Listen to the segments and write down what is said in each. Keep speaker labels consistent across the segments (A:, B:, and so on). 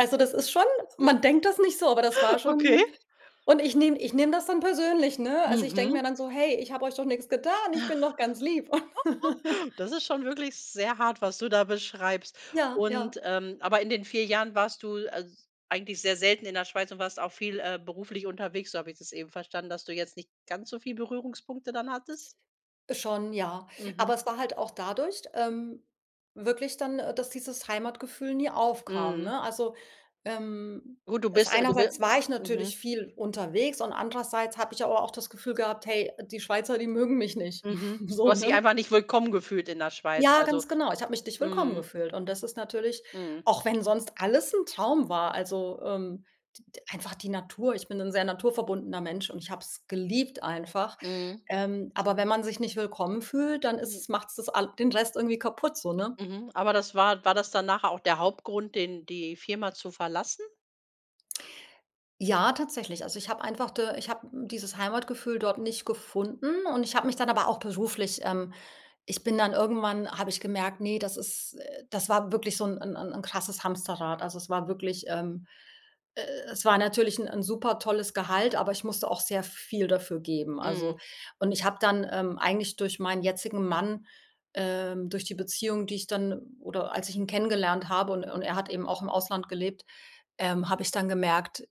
A: Also, das ist schon man denkt das nicht so, aber das war
B: Okay.
A: schon und ich nehme ich nehme das dann persönlich, ne? Also, ich denke mir
B: Mhm.
A: dann so: „Hey, ich habe euch doch nix getan, ich bin doch ganz lieb und“
B: Das ist schon wirklich sehr hart, was du da beschreibst.
A: Ja, ja.
B: Und, ähm aber in den 4 Jahren warst du als eigentlich sehr selten in der Schweiz und warst auch viel, äh, beruflich unterwegs, so habe ich das eben verstanden, dass du jetzt nicht ganz so viel Berührungspunkte dann hattest.
A: Schon, ja.
B: Mhm.
A: Aber es war halt auch dadurch, ähm wirklich dann, äh, dass dieses Heimatgefühl nie aufkam,
B: Mhm.
A: ne? Also, ähm,
B: Gut du
A: es
B: bist äh, du bi
A: einerseits war ich natürlich
B: mhm.
A: viel unterwegs und andererseits habe ich aber auch das Gefühl gehabt: „Hey, die Schweizer, die mögen mich nicht.“
B: Mhm. Du
A: So,
B: hast dich
A: ne?
B: einfach nicht willkommen gefühlt in der Schweiz,
A: Ja,
B: also
A: ganz genau. Ich habe mich nicht willkommen
B: mhm.
A: gefühlt und das ist natürlich
B: Mhm.
A: auch wenn sonst alles 'n Traum war, also, ähm, d d einfach die Natur. Ich bin 'n sehr naturverbundener Mensch und ich habe es geliebt einfach.
B: Mhm.
A: Ähm, aber wenn man sich nicht willkommen fühlt, dann ist
B: Hm.
A: es macht's das all den Rest irgendwie kaputt so, ne?
B: Mhm, aber das war war das dann nachher auch der Hauptgrund, den die Firma zu verlassen?
A: Ja, tatsächlich. Also, ich habe einfach da ich habe dieses Heimatgefühl dort nicht gefunden und ich habe mich dann aber auch beruflich, ähm ich bin dann irgendwann habe ich gemerkt, ne, das ist das war wirklich so 'n 'n 'n n krasses Hamsterrad. Also, es war wirklich, ähm e es war natürlich 'n 'n supertolles Gehalt, aber ich musste auch sehr viel dafür geben. Also
B: Mhm.
A: und ich habe dann, ähm, eigentlich durch meinen jetzigen Mann, ähm durch die Beziehung, die ich dann oder als ich ihn kennengelernt habe und und er hat eben auch im Ausland gelebt, ähm, habe ich dann gemerkt,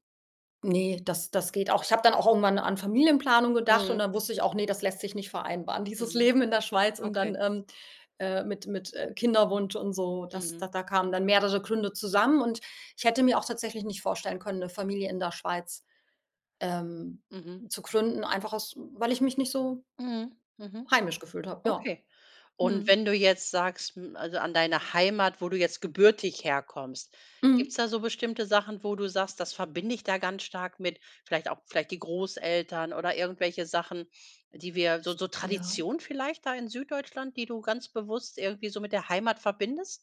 A: ne, das das geht auch ich habe dann auch irgendwann an Familienplanung gedacht und
B: Mhm.
A: dann wusste ich auch: „Ne, das lässt sich nicht vereinbaren“, dieses
B: Mhm.
A: Leben in der Schweiz und
B: Okay.
A: dann, ähm, äh, mit mit, äh, Kinderwunsch und so, das da
B: Mhm.
A: da kamen dann mehrere Gründe zusammen und ich hätte mir auch tatsächlich nicht vorstellen können, 'ne Familie in der Schweiz, ähm,
B: Mhm.
A: zu gründen, einfach aus weil ich mich nicht so
B: Mhm, mhm.
A: heimisch gefühlt habe. Ja.
B: Okay, und
A: Mhm.
B: wenn du jetzt sagst, hm also, an deiner Heimat, wo du jetzt gebürtig herkommst, gibt's
A: Mhm.
B: da so bestimmte Sachen, wo du sagst: „Das verbinde ich da ganz stark mit vielleicht auch vielleicht die Großeltern“ oder irgendwelche Sachen, die wir so so
A: Ja.
B: Tradition vielleicht da in Süddeutschland, die du ganz bewusst irgendwie so mit der Heimat verbindest?